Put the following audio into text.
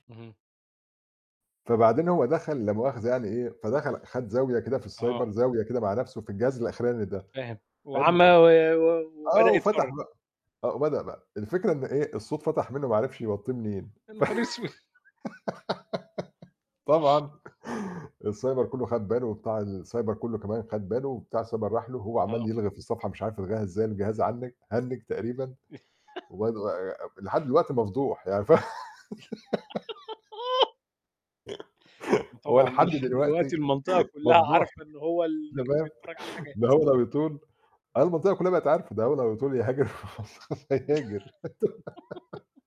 اهم. فبعدين هو دخَل لامؤخذة يعني إيه، فدخَل خَد زاوية كده في السايبر، آه. زاوية كده مع نفْسه في الجهاز الأخراني ده، فاهم. وعَم حلو. و آه، وبدأ وفتح يتفرج. م آه وبدأ بقى. الفكرة إن إيه الصوت فَتَح منه وما عرِفش يوطّيه منين يا نهار أسود! طبعًا السايبر كله خَد باله وبتاع السايبر كله كمان خَد باله، وبتاع السايبر راح له وهو عَمَّال آه. يلغي في الصفحة مش عارف يلغيها إزاي، الجهاز هنِّج تقريبًا و لحد دلوقتي مفضوح يعني ف هو وطبعًا ده لحد لحد دلوقتي دلوقتي المنطقة كلها مفضوح، عارفة إن هو اللي أنت كان فاهم. بيتفرج على ده الحاجات. هو لو يطول آه والمنطقة كلها بقت عارفة، ده هو لو يطول يهاجر برّا مصر خالص هيهاجر.